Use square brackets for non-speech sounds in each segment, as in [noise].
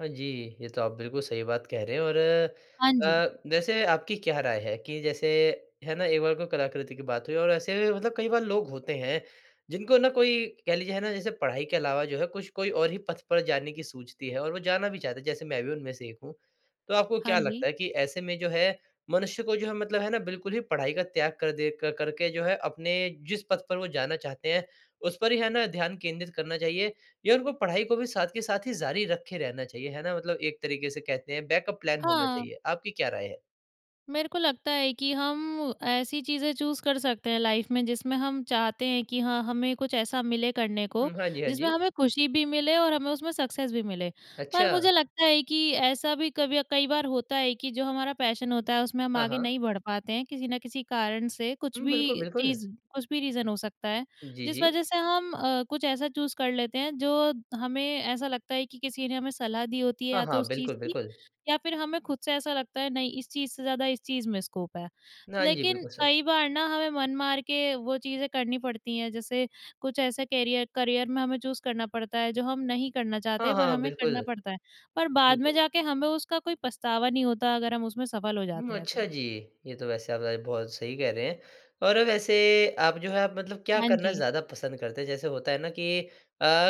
हाँ जी, ये तो आप बिल्कुल सही बात कह रहे हैं और हाँ जी। अ, वैसे आपकी क्या राय है कि जैसे है ना एक बार को कलाकृति की बात हुई और ऐसे भी मतलब कई बार लोग होते हैं जिनको ना कोई कह लीजिए है ना, जैसे पढ़ाई के अलावा जो है कुछ कोई और ही पथ पर जाने की सूझती है और वो जाना भी चाहते हैं जैसे मैं भी उनमे से एक हूँ। तो आपको हाँ क्या जी। लगता है कि ऐसे में जो है मनुष्य को जो है मतलब है ना बिल्कुल ही पढाई का त्याग कर दे क करके जो है अपने जिस पथ पर वो जाना चाहते हैं, उस पर ही है ना ध्यान केंद्रित करना चाहिए या उनको पढ़ाई को भी साथ के साथ ही जारी रखे रहना चाहिए, है ना मतलब एक तरीक़े से कहते है बैकअप प्लान होना हाँ। चाहिए? आपकी क्या राय है? मेरे को लगता है कि हम ऐसी चीज़ें चूज़ कर सकते हैं लाइफ़ में जिसमें हम चाहते हैं कि हाँ हमें कुछ ऐसा मिले करने को हुँ। हाँ जी, हाँ जिसमें जी। हमें खुशी भी मिले और हमें उसमें सक्सेस भी मिले। पर अच्छा। मुझे लगता है कि ऐसा भी कभी कई बार होता है कि जो हमारा पैशन होता है उसमें हम हाँ, आगे हाँ। नहीं बढ़ पाते हैं किसी न किसी कारण से कुछ हुँ। भी बिल्कुल, बिल्कुल। चीज़ कुछ भी रीज़न हो सकता है। जी, जिस जी। वज़ह से हम अ, कुछ ऐसा चूज़ कर लेते हैं जो हमें ऐसा लगता है कि किसी ने हमें सलाह दी होती है हाँ, या तो हाँ। उस चीज़ बिल्कुल, की बिल्कुल। या फ़िर हमें ख़ुद से ऐसा लगता है नहीं इस चीज़ से ज़्यादा इस चीज़ में स्कोप है। हाँ जी। लेक़िन बिल्कुल सच। कई बार ना हमें मन मार के वो चीज़ें करनी पड़ती हैं, जैसे कुछ ऐसे कैरियर करियर में हमें चूज़ करना पड़ता है जो हम नहीं करना चाहते हाँ, हैं पर हाँ, हमें करना बिल्कुल। पड़ता है, पर बाद में बिल्कुल। जाके हमें उसका कोई पछतावा नहीं होता अगर हम उसमें सफ़ल हो जाते हुँ, हैं अच्छा तो। जी। ये तो वैसे आप [unintelligible] बहुत सही कह रहे हैं। और वैसे आप जो है आप मतलब क्या हाँ करना जी। ज़्यादा पसंद करते हैं? जैसे होता है ना कि अ,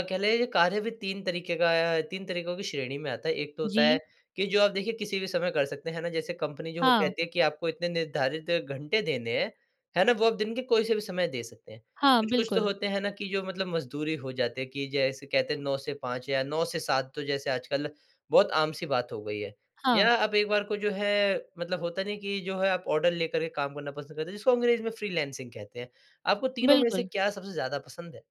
कहले कार्य भी 3 तरीक़े का अ, 3 तरीक़ों की श्रेणी में आता है, एक तो होता है जी। कि जो आप देखिए किसी भी समय कर सकते, हैं ना? जैसे कंपनी जो हो हाँ। कहती है कि आपको इतने निर्धारित घंटे देने हैं, है ना वो आप दिन के कोई से भी समय दे सकते हैं। हाँ, कुछ-कुछ तो बिल्कुल। होते हैं ना कि जो मतलब मजदूर ही हो जाती है कि जैसे कहते हैं 9 से 5 या 9 से 7 तो जैसे आजकल बहुत आम-सी बात हो गई है। हाँ। या आप एक बार को जो है मतलब होता नहीं कि जो है आप ऑर्डर लेकर के काम करना पसंद करते हैं जिसको अंग्रेज़ी में फ्रीलांसिंग कहते हैं, आपको तीनों में से बिल्कुल। क्या सबसे ज़्यादा पसंद है?